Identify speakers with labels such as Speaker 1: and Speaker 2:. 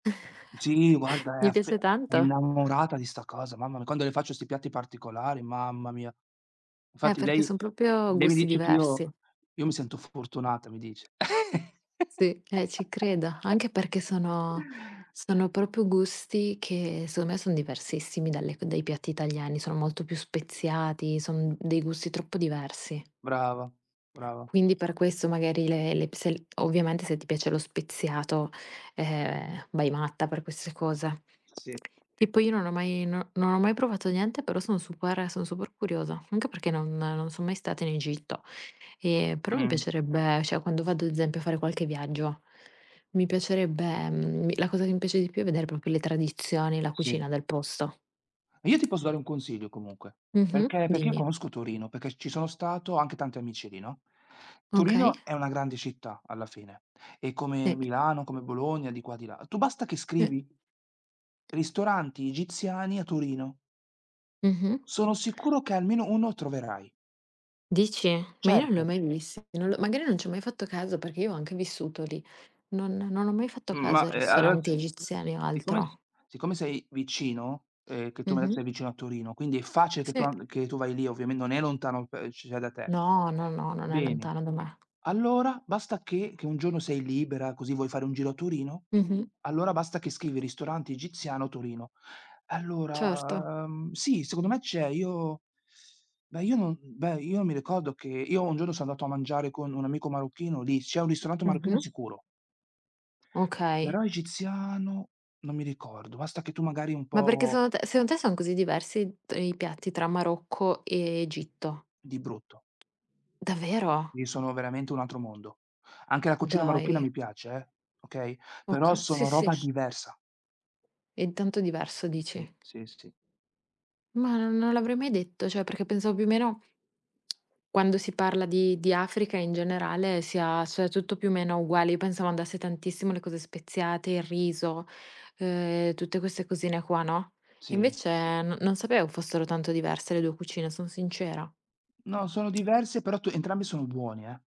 Speaker 1: Sì guarda è
Speaker 2: Gli
Speaker 1: aff è
Speaker 2: piace tanto?
Speaker 1: innamorata di sta cosa, mamma mia, quando le faccio 'sti piatti particolari, mamma mia.
Speaker 2: Eh,
Speaker 1: Infatti
Speaker 2: perché
Speaker 1: lei
Speaker 2: son proprio
Speaker 1: lei mi
Speaker 2: gusti
Speaker 1: dice che:
Speaker 2: diversi.
Speaker 1: "Io io mi sento fortunata" mi dice.
Speaker 2: Sì, eh, ci credo. Anche perché sono sono proprio gusti che secondo me son diversissimi dalle c dai piatti italiani, sono molto più speziati, son dei gusti troppo diversi.
Speaker 1: Brava, brava.
Speaker 2: Quindi per questo magari le le psel ovviamente se ti piace lo speziato, eh, vai matta per queste cose.
Speaker 1: S sì.
Speaker 2: E poi io non ho mai non non ho mai provato niente però sono super sono super curiosa, anche perché non non sono mai stata in Egitto e però mi
Speaker 1: Mh.
Speaker 2: piacerebbe, cioè, quando vado ad esempio a fare qualche viaggio, mi piacerebbe, mhmm mi la cosa che mi piace di più è vedere proprio le tradizioni, la
Speaker 1: Sì.
Speaker 2: cucina del posto.
Speaker 1: Io ti posso dare un consiglio comunque,
Speaker 2: Mh-mh.
Speaker 1: perché perché io
Speaker 2: Dimmi.
Speaker 1: conosco Torino, perché ci sono stato, ho anche tanti amici lì, no,
Speaker 2: Okay.
Speaker 1: Torino è una grande città, alla fine, e come
Speaker 2: Sì.
Speaker 1: Milano, come Bologna, di qua, di là. Tu basta che
Speaker 2: Sì.
Speaker 1: scrivi ristoranti egiziani a Torino.
Speaker 2: Mh-mh.
Speaker 1: Sono sicuro che almeno uno troverai.
Speaker 2: Dici? Ma io non l'ho
Speaker 1: Certo.
Speaker 2: mai vist non l'ho magari non ci ho mai fatto caso perché io ho anche vissuto lì. Non non ho mai fatto
Speaker 1: M ma
Speaker 2: caso a
Speaker 1: e a
Speaker 2: ristoranti
Speaker 1: s
Speaker 2: egiziani o
Speaker 1: siccome s
Speaker 2: altro.
Speaker 1: siccome sei vicino, eh, che tu mi hai detto
Speaker 2: Mh-mh.
Speaker 1: sei vicino a Torino, quindi è facile che tu
Speaker 2: Sì.
Speaker 1: an che tu vai lì, ovviamen non è lontano [unintelligible] da te.
Speaker 2: No, no, no, non è
Speaker 1: Bene.
Speaker 2: lontano da me.
Speaker 1: Allora, basta che che un giorno sei libera così vuoi fare un giro a Torino,
Speaker 2: Mh-mh.
Speaker 1: allora basta che scrivi ristorante egiziano Torino.
Speaker 2: Certo.
Speaker 1: Allora, mhmm, sì secondo me c'è, io beh io non beh io mi ricordo che io un giorno sono andato a mangiare con un amico marocchino lì, c'è un ristorante marocchino
Speaker 2: Mh-mh.
Speaker 1: sicuro.
Speaker 2: Okay.
Speaker 1: Però egiziano, non mi ricordo, basta che tu magari un
Speaker 2: Ma perché
Speaker 1: po'
Speaker 2: secondo te secondo te sono così diversi t i piatti tra Marocco e Egitto?
Speaker 1: Di brutto.
Speaker 2: Davvero?
Speaker 1: Lì sono veramente un altro mondo. Anche la cucina marocchina
Speaker 2: Dai.
Speaker 1: mi piace eh, okay? Però
Speaker 2: Okay, sì,
Speaker 1: sono
Speaker 2: sì.
Speaker 1: roba diversa.
Speaker 2: È tanto diverso
Speaker 1: Sì,
Speaker 2: dici?
Speaker 1: sì, sì.
Speaker 2: Ma non l'avrei mai detto, cioè perché pensavo più o meno quando si parla di di Africa, in generale, si ha cioè tutto più o meno uguale. Io pensavo andasse tantissimo le cose speziate, il riso, eh, tutte queste cosine qua, no, e
Speaker 1: Sì.
Speaker 2: invece non non sapevo fossero tanto diverse le 2 cucine, son sincera.
Speaker 1: No, sono diverse, però tu entrambi sono buoni, eh.